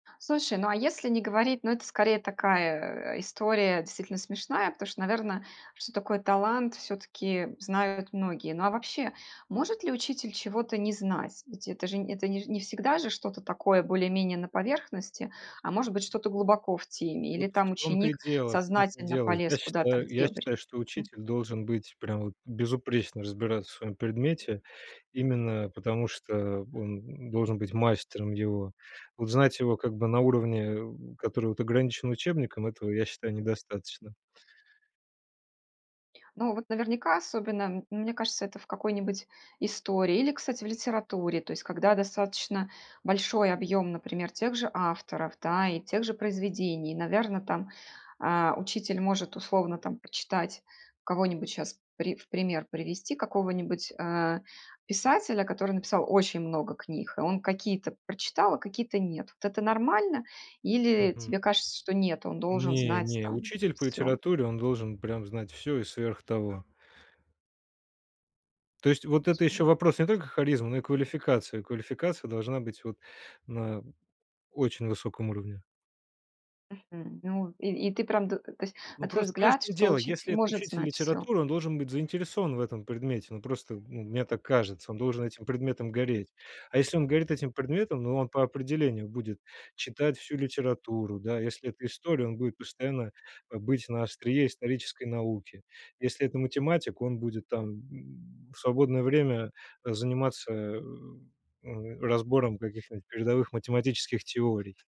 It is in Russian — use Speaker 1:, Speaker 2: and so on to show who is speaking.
Speaker 1: Слушай, ну, а если не говорить, ну, это скорее такая, история, действительно смешная, потому что, наверно, что такое талант всё-таки знают многие. Ну, а вообще, может ли учитель чего-то не знать? Ведь это же, нь это, не ж не всегда же что-то такое более-менее на поверхности, а может быть, что-то глубоко в теме или,
Speaker 2: Вот в
Speaker 1: там,
Speaker 2: том-то и
Speaker 1: ученик
Speaker 2: дело, в том-то и
Speaker 1: сознательно
Speaker 2: дело.
Speaker 1: полез
Speaker 2: Я
Speaker 1: куда-то в
Speaker 2: считаю, я
Speaker 1: дебри?
Speaker 2: считаю, что учитель должен быть прямо вот безупречно разбираться в своем предмете. Именно потому, что он, м, должен быть мастером его. Вот знать его, как бы, на уровне, у который вот ограничен учебником, этого, я считаю, недостаточно.
Speaker 1: Ну, вот наверняка, особенно, м, мне кажется, это в какой-нибудь истории или, кстати, в литературе. То есть когда достаточно большой объём, например, тех же авторов, да, и тех же произведений, наверно, там, а, учитель может, условно, там, прочитать кого-нибудь, щас при в пример привести, какого-нибудь, а, писателя, который написал очень много книг, и он какие-то прочитал, а какие-то нет. Вот это нормально или
Speaker 2: Мгм.
Speaker 1: тебе кажется, что нет, он должен
Speaker 2: Не
Speaker 1: знать
Speaker 2: не,
Speaker 1: там
Speaker 2: учитель по
Speaker 1: всё?
Speaker 2: литературе, он должен прям знать всё и сверх того. То есть вот это ещё
Speaker 1: Свою
Speaker 2: вопрос не только харизмы, но и квалификации. Квалификация должна быть вот на очень высоком уровне.
Speaker 1: Мгм. Ну, и и ты прям, до то есть, на
Speaker 2: Ну,
Speaker 1: твой
Speaker 2: просто понимаешь,
Speaker 1: взгляд,
Speaker 2: в чём
Speaker 1: что
Speaker 2: дело,
Speaker 1: учитель
Speaker 2: если это
Speaker 1: может
Speaker 2: учитель
Speaker 1: знать всё.
Speaker 2: литературы, он должен быть заинтересован в этом предмете. Ну, просто, ну, мне так кажется, он должен этим предметом гореть. А если он горит этим предметом, ну, он по определению будет читать всю литературу, да. Если это история, он будет постоянно, а, быть на острие исторической науки. Если это математик, он будет там, м, в свободное время заниматься, э, м, разбором каких-нибудь передовых математических теорий.